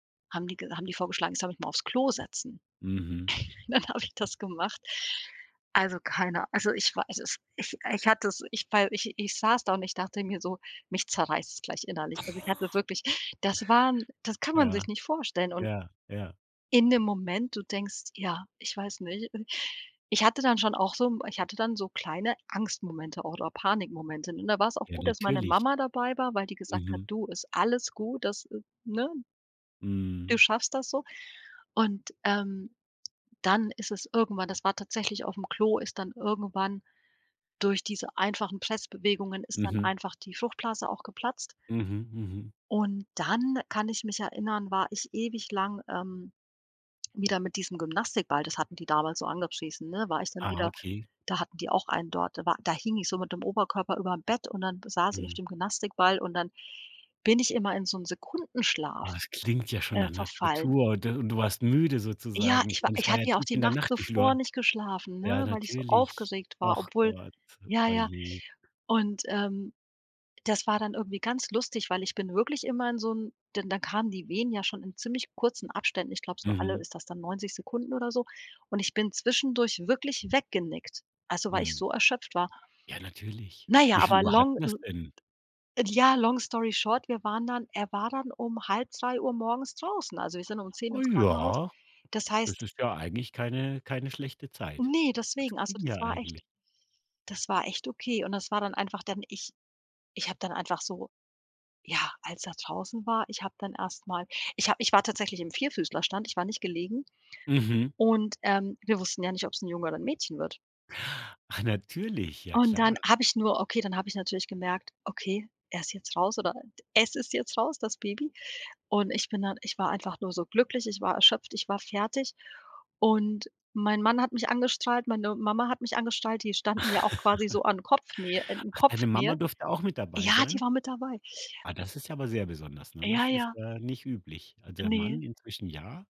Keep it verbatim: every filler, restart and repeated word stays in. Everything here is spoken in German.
Haben die ge haben die vorgeschlagen, ich soll mich mal aufs Klo setzen. Mhm. Dann habe ich das gemacht. Also, keiner also, ich weiß es ich ich hatte es, ich wei ich ich saß da und ich dachte mir so: „Mich zerreißt es gleich innerlich.“ Also, ich hatte wirklich das waren das kann man Ja, sich nicht vorstellen und ja, ja. in dem Moment, du denkst: „Ja, ich weiß nicht.“ Und ich hatte dann schon auch so m ich hatte dann so kleine Angstmomente oder Panikmomente. Und da war's auch Ja, gut, dass meine natürlich. Mama dabei war, weil die gesagt hat: Mhm. „Du, ist alles gut, das“ äh, ne „du Mhm. schaffst das so“ und, ähm, dann ist es irgendwann das war tatsächlich aufm Klo, ist dann irgendwann durch diese einfachen Pressbewegungen ist dann Mhm. einfach die Fruchtblase auch geplatzt Mhm, mhm. und dann kann ich mich erinnern, war ich ewig lang, ähm, wieder mit diesem Gymnastikball das hatten die damals so angepriesen, ne, war ich dann Ah, wieder okay. da hatten die auch einen dort. Da war da hing ich so mit dem Oberkörper überm Bett und dann saß ich auf Mhm. dem Gymnastikball und dann bin ich immer in so 'n Sekundenschlaf, Oh, das klingt ja schon äh, nach 'ner verfallen. Tortur und d du warst müde Ja, sozusagen, ich ich war meine es ich war ja hatte ja auch tief die in der Nacht Nacht, wie viel zuvor Uhr nicht geschlafen, ja, ne, weil ich so natürlich. aufgeregt war, Och obwohl Gott, ja, ja oje. und, ähm, das war dann irgendwie ganz lustig, weil ich bin wirklich immer in so 'n denn da kamen die Wehen ja schon in ziemlich kurzen Abständen, ich glaube so alle Mhm. ist das dann Neunzig Sekunden oder so und ich bin zwischendurch wirklich weggenickt. Also, weil ich Mhm. so erschöpft war. Ja, natürlich. Na ja, Wie viel aber Uhr long hatten wir's l denn? ja, long story short, wir waren dann er war dann um halb drei Uhr morgens draußen. Also, wir sind um zehn Oh, ins Krankenhaus. ja, Das das heißt ist ja eigentlich keine keine schlechte Zeit. Ne, Das deswegen, also ging ja das war echt eigentlich. das war echt okay und das war dann einfach dann ich ich habe dann einfach so ja, als er draußen war, ich habe dann erst mal ich habe ich war tatsächlich im Vierfüßlerstand, ich war nicht gelegen Mhm. und, ähm, wir wussten ja nicht, ob's 'n Junge oder 'n Mädchen wird. Ach, natürlich, ja Und dann klar. habe ich nur okay, dann habe ich natürlich gemerkt: „Okay, er ist jetzt raus oder es ist jetzt raus, das Baby.“ Und ich bin dann ich war einfach nur so glücklich, ich war erschöpft, ich war fertig und mein Mann hat mich angestrahlt, meine Mama hat mich angestrahlt, die standen ja auch quasi so an Kopfnähe in in Ach, deine Mama Kopfnähe. durfte auch mit dabei Ja, die sein? war mit dabei. Ah, das ist ja aber sehr besonders, ne? Ja, Das ist, ja. äh, nicht üblich. Also, der Ne. Mann inzwischen ja.